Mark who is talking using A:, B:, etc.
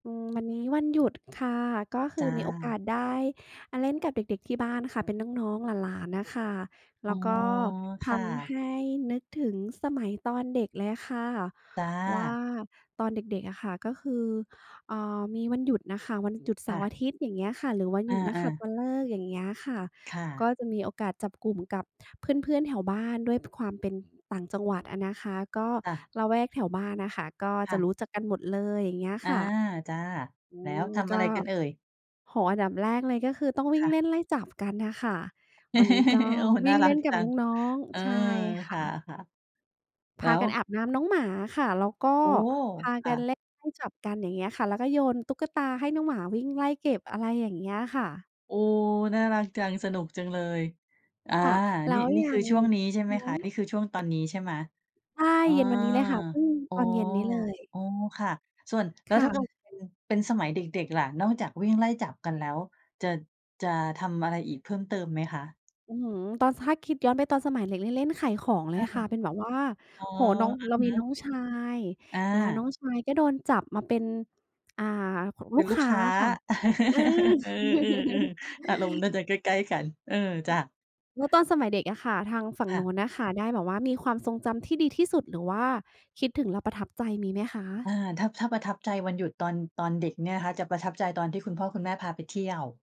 A: อืม วันนี้วันหยุดค่ะ ก็ค
B: จ
A: ือ
B: ้ะ
A: มีโอกาสได้ อ่า เล่นกับเด็ก ๆ ที่บ้านค่ะ เป็นน้อง ๆ หลาน ๆ น่ะค่ะ แล
B: อ๋
A: ้
B: อ
A: วก็ท
B: ค่
A: ำใ
B: ะ
A: ห้นึกถึงสมัยตอนเด็กเลยค่ะ
B: จ้
A: ว่า
B: ะ
A: ตอนเด็ก ๆ อะค่ะ ก็คือ เอ่อ มีวันหยุดน่ะค่ะ วันหยุดเส
B: ค
A: า
B: ่
A: ร์อ
B: ะ
A: าทิตย์ อย่างเงี้ยค่ะ หรือวันห
B: อ
A: ยุดนักข
B: า
A: ัต
B: ๆ
A: ฤกษ์ อย่างเงี้ยค่ะ
B: ค่ะ
A: ก็จะมีโอกาสจับกลุ่มกับเพื่อน ๆ แถวบ้าน ด้วยความเป็นต่างจังหวัดอะนะคะ ก็
B: ค่ะ
A: ละแวกแถวบ้านน่ะค่ะ ก็
B: ค
A: จ
B: ่
A: ะ
B: ะ
A: รู้จักกันหมดเลย อย่างเงี้ย
B: อา
A: ค่ะ
B: จ้ะ
A: อื
B: แล้ว
A: ม
B: ทำ
A: ก
B: อะไร
A: ็
B: กันเอ่ย?
A: โอ้โฮ อันดับแรกเลยก็คือต้องวิ
B: ค
A: ่ง
B: ่ะ
A: เล่นไล่จับกันน่ะค่ะ วันนี้ก็
B: โอ้
A: ว
B: น่
A: ิ
B: า
A: ่ง
B: รั
A: เล่
B: ก
A: นก
B: จ
A: ับ
B: ัง
A: น้อง
B: เออ
A: ๆ ใช่ค
B: ค
A: ่
B: ่
A: ะ
B: ะ ๆ
A: พ
B: แล้
A: า
B: ว
A: กันอาบน้ำน้องหมาค่ะ แล้วก็
B: โอ้!
A: พา
B: ค
A: ก
B: ่
A: ัน
B: ะ
A: เล่นไล่จับกัน อย่างเงี้ยค่ะ แล้วก็โยนตุ๊กตาให้น้องหมาวิ่งไล่เก็บ อะไรอย่างเงี้ยค่ะ
B: โอ้! น่ารักจัง สนุกจังเลย อา
A: ค่ะ แล้
B: นี่
A: ว
B: นี่
A: ยั
B: คือ
A: ง
B: ช่วงนี้ใช่ไหมคะ?
A: [unintelligible]
B: นี่คือช่วงตอนนี้ใช่ไหม?
A: ใช่
B: อา
A: เย็นวันนี้เลยค่ะ เพิ่ง
B: อ๋
A: ต
B: อ
A: อนเย็นนี้เลย
B: อ๋อ ค่ะ ส่วน แล้
A: ค
B: ว
A: ่
B: ถ้าเกิ
A: ะ
B: ดว่า เป็น เป็นสมัยเด็ก ๆ ล่ะ นอกจากวิ่งไล่จับกันแล้ว จะ จะทำอะไรอีกเพิ่มเติมไหมคะ?
A: อื้อฮือ ตอน ส ถ้าคิดย้อนไปตอนสมัยเด็ก เล่น เล่นขายของเล
B: อ
A: ย
B: า
A: ค่ะ เป็นแบบว่า
B: อ๋อ
A: โอ้โฮ น้อง
B: อะ
A: เรามี
B: ฮ
A: น
B: ะ
A: ้องชาย
B: อ
A: แล้วน้
B: า
A: องชายก็โดนจับมาเป็น อ่า
B: เป
A: ล
B: ็
A: ู
B: น
A: ก
B: ลู
A: ค
B: ก
A: ้า
B: ค้า
A: อะค่ะ เออ
B: เออ ๆ ๆ อารมณ์น่าจะใกล้ ๆ กัน เออ จ้ะ
A: แล้วตอนสมัยเด็กอะค่ะ ทางฝั่
B: ค
A: ง
B: ่
A: น
B: ะ
A: ู้นน่ะค่ะ ได้แบบว่ามีความทรงจำที่ดีที่สุด หรือว่าคิดถึงแล้วประทับใจมีไหมค
B: อา
A: ะ?
B: ถ้า ถ้าประทับใจวันหยุดตอน ตอนเด็กเนี่ยนะคะ จะประทับใจตอนที่คุณพ่อคุณแม่พาไปเที่ยว